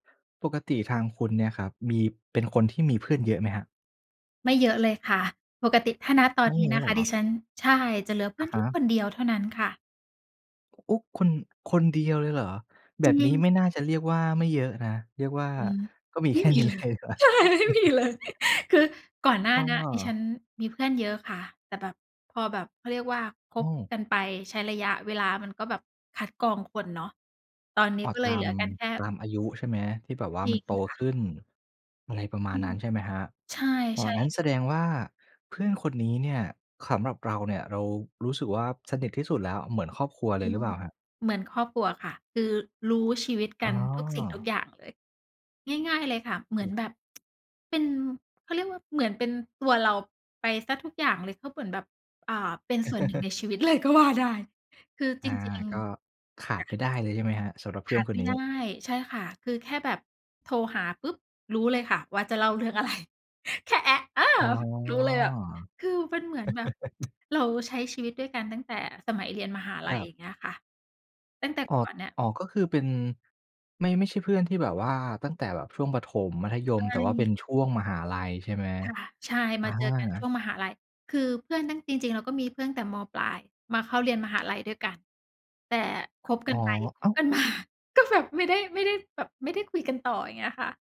ปกติทางคุณเนี่ยครับ มี เป็นคนที่มีเพื่อนเยอะไหมครับ? ไม่เยอะเลยค่ะ ปกติถ้า ณ ตอไมน่นเีย้อนะะหรคอกะ เหรดอ? ิฉัน ใช่ จะเหลือเพอื่อะนฮแค่ะ คนเดียวเท่านั้นค่ะ โอ้ คน คนเดียวเลยเหรอ แบจรบินี้งไม่ค่น่าะ จะเรียกว่าไม่เยอะนะ เรียกว่า อืม ก็มีไมแค่่มีนี้ เลเลย ยดีกว่า ใช่ ไม่มีเลย คือก่อนหน้าอเนี้ยดิฉัา นมีเพื่อนเยอะค่ะ แต่แบบ พอแบบ เขาเรียกว่าคอืบม กันไป ใช้ระยะเวลา มันก็แบบคัดกรองคนเนาะ ตอนนี้อ๋อ ก็เลตยเาหลม ือกันแค่ ตามอายุใช่ไหม ที่แบบว่าจรมิันงโตค่ขะ ึ้น อะไรประมาอณืนัม ้น ใช่ไหมครับ ใช่ อ๋อ ใช่งเัล้นยแสค่ดะ งว่าเพื่อนคนนี้เนี่ย ขำแบบเราเนี่ย เรารู้สึกว่าสนิทที่สุดแล้ว เหมือนครอบครัวเจลริยง หรือเปล่าครับ? เหมือนครอบครัวค่ะ คือรู้ชีวิต กอั๋นทุกสิ่งทุกอ อย่างเลย ง่าย ๆ เลยค่ะ เหมือนแบบ เป็น เขาเรียกว่าเหมือนเป็นตัวเราไปเสียทุกอย่างเลย ก็เหมือนแบบ อ่า เป็น ส่วนหนึ่งในชีวิต เลยก็ว่าได้ คืออจา ริง ก็ๆ ขาคด่ไปะ ได้เลย ใช่ไหมครับ? สำหรับเขพื่อานดคไมน่นีได้ ้ ใช่ค่ะ คือแค่แบบโทรหาปุ๊บรู้เลยค่ะว่าจะเล่าเรื่อง อะไร แค่ เออ อ๋อ รู้เลยแบบ คือมันเหมือนแบบ เราใช้ชีวิตด้วยกันตั้งแต่สมัยเรียนมหาลคัรย ัอย่บ างเงี้ยค่ะ ตั้งแต่อ๋อ ก่อนเนี่ย อ๋อ ก็คือเป็น ไม่ ไม่ใช่เพื่อนที่แบบว่าตั้งแต่แบบช่วงประถม มัธยไม มแต่ว่าเป็่ นช่วงมหาลัย ใช่ไหม? ค่ะ ใช่ อมาเจอกันชา ่วงมหาลัย คือเพื่อนตั้ง จริง ๆ เราก็มีเพื่อนตั้งแต่ ม.ปลาย มาเข้าเรียน มหาลัยด้วยกัน แต่คบ กอั๋นอ ไปคอบ้าว! กัน มา ก็แบบไม่ได้ ไม่ได้แบบ ไม่ได้คุยกันต่อ อย่างเงี้ยค่ะ